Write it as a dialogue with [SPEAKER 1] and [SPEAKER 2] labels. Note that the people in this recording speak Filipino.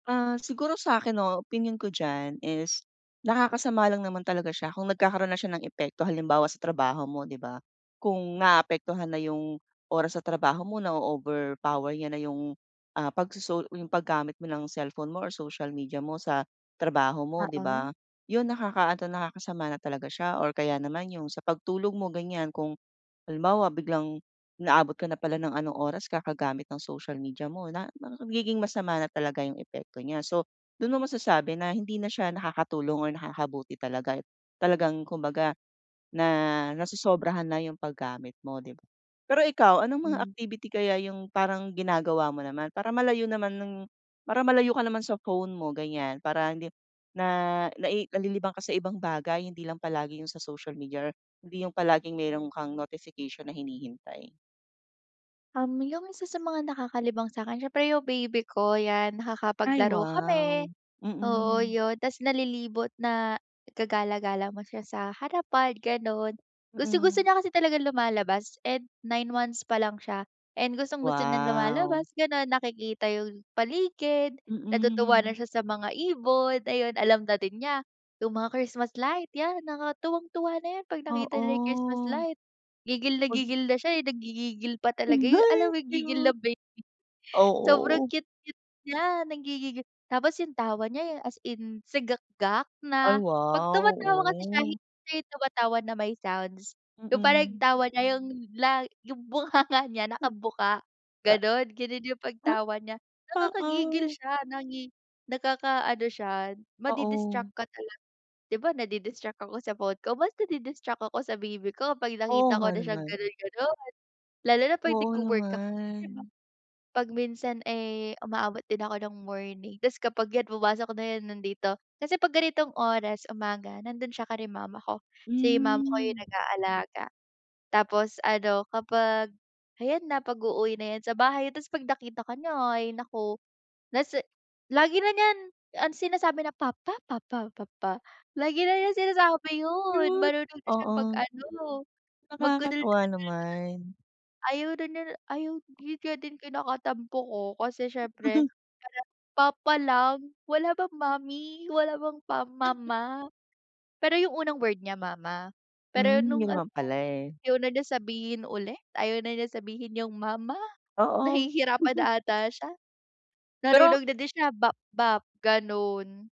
[SPEAKER 1] Ah, siguro sa akin 'no opinyon ko diyan is, nakakasama lang naman talaga siya kung nagkakaroon na siya ng epekto halimbawa sa trabaho mo, 'di ba. Kung naapektuhan na 'yung oras sa trabaho mo na-o-overpower niya na 'yung ah pagsoso yung paggamit mo ng cellphone mo or social media mo sa trabaho mo 'di
[SPEAKER 2] Oo.
[SPEAKER 1] ba. 'Yun nakakaano nakakasama na talaga siya or kaya naman 'yung sa pagtulog mo ganiyan, kung halimbawa biglang inaabot ka na pala ng anong oras kakagamit ng social media mo na nagiging masama na talaga 'yung epekto niya so dun mo masasabi na hindi na siya nakakatulong or nakakabuti talaga talagang kumbaga na, nasosobrahan na 'yung paggamit mo 'di ba. Pero ikaw anong mga
[SPEAKER 2] Hmm.
[SPEAKER 1] activity kaya 'yung parang ginagawa mo naman para malayo naman ng para malayo ka naman sa phone mo ganiyan, para hindi na nai nalilibang ka sa ibang bagay hindi lang palagi 'yung sa social media or hindi 'yung palaging meron kang notification na hinihintay?
[SPEAKER 2] Um, 'yung isa sa mga nakakalibang sa 'kin siyempre 'yung baby ko yan.
[SPEAKER 1] Ay
[SPEAKER 2] Nakakapaglaro
[SPEAKER 1] wow.
[SPEAKER 2] kami oo
[SPEAKER 1] Mm.
[SPEAKER 2] 'yun tapos nalilibot na gagala-gala mo siya sa harapan ganon. Gustong-gusto
[SPEAKER 1] Mm.
[SPEAKER 2] niya kasi talagang lumalabas and 9 months pa lang siya and gustong-gusto niyang
[SPEAKER 1] Wow!
[SPEAKER 2] lumalabas ganon nakikita 'yung paligid. Natutuwa na
[SPEAKER 1] Mm.
[SPEAKER 2] siya sa mga ibon, ayun, alam na din niya 'yung mga Christmas light, 'yan nakaka tuwang-tuwa na 'yun kapag nakita niya 'yung Christmas
[SPEAKER 1] Oo.
[SPEAKER 2] light. Gigil na
[SPEAKER 1] Wag
[SPEAKER 2] gigil na siya eh, nanggigigil pa talaga
[SPEAKER 1] Hmm,
[SPEAKER 2] eh,
[SPEAKER 1] ay
[SPEAKER 2] alam mo 'yung gigil ng
[SPEAKER 1] cute.
[SPEAKER 2] baby, sobrang
[SPEAKER 1] Oo.
[SPEAKER 2] cute-cute niya nangigigiL tapos y'ung tawa niya eh, as in sigakgak
[SPEAKER 1] Ay
[SPEAKER 2] na kapag
[SPEAKER 1] wow!
[SPEAKER 2] tumatawa kasi siya
[SPEAKER 1] Oh.
[SPEAKER 2] hindi 'yung tumatawa na may sounds. 'Yung parang yung
[SPEAKER 1] Mm.
[SPEAKER 2] tawa niya 'yung la 'yung bunganga niya nakabuka,
[SPEAKER 1] Ah.
[SPEAKER 2] ganun ganun 'yung pagtawa niya. Nakakagigil
[SPEAKER 1] Oo.
[SPEAKER 2] siya nangi nakakaano siya
[SPEAKER 1] Oo.
[SPEAKER 2] madi-distract ka talaga, 'di ba nadi-distract ako sa phone ko, mas nadi-distract ako sa baby ko kapag
[SPEAKER 1] Oo
[SPEAKER 2] nakita
[SPEAKER 1] nga
[SPEAKER 2] ko na siyang
[SPEAKER 1] naman.
[SPEAKER 2] ganun-ganon. Lalo na kapag
[SPEAKER 1] Wow
[SPEAKER 2] nagwo-work ako 'di ba,
[SPEAKER 1] naman.
[SPEAKER 2] kapag minsan eh, umaabot din ako ng morning, tapos kapag iyan pumasok na 'yun nandito, kasi kapag ganitong oras umaga nandun siya kila mama ko, si mama ko 'yung
[SPEAKER 1] Hmm.
[SPEAKER 2] nag-aalaga. Tapos ano kapag, ayan na pag-uuwi na iyan sa bahay tapos kapag nakita ka niya ay naku, nasa lagi na niyan ang sinasabi na papa, papa, papa, lagi na niya sinasabi 'yun,
[SPEAKER 1] Cute,
[SPEAKER 2] marunong na siyang mag
[SPEAKER 1] oo.
[SPEAKER 2] ano,
[SPEAKER 1] Nakakatuwa
[SPEAKER 2] magdaldal-daldal.
[SPEAKER 1] naman.
[SPEAKER 2] Ayaw niya na ayaw 'yun nga din kinakatampo ko kasi siyempre hala papa lang, wala bang mommy? Wala bang pa mama? Pero 'yung unang word niya mama, pero
[SPEAKER 1] Hmm
[SPEAKER 2] nung
[SPEAKER 1] 'yun
[SPEAKER 2] ano,
[SPEAKER 1] naman pala eh.
[SPEAKER 2] ayaw na niya sabihin ulit, ayaw na niya sabihin yung mama,
[SPEAKER 1] Oo.
[SPEAKER 2] nahihirapan ata siya.
[SPEAKER 1] Pero
[SPEAKER 2] Marunong na din siya, "Bap-bap," ganun.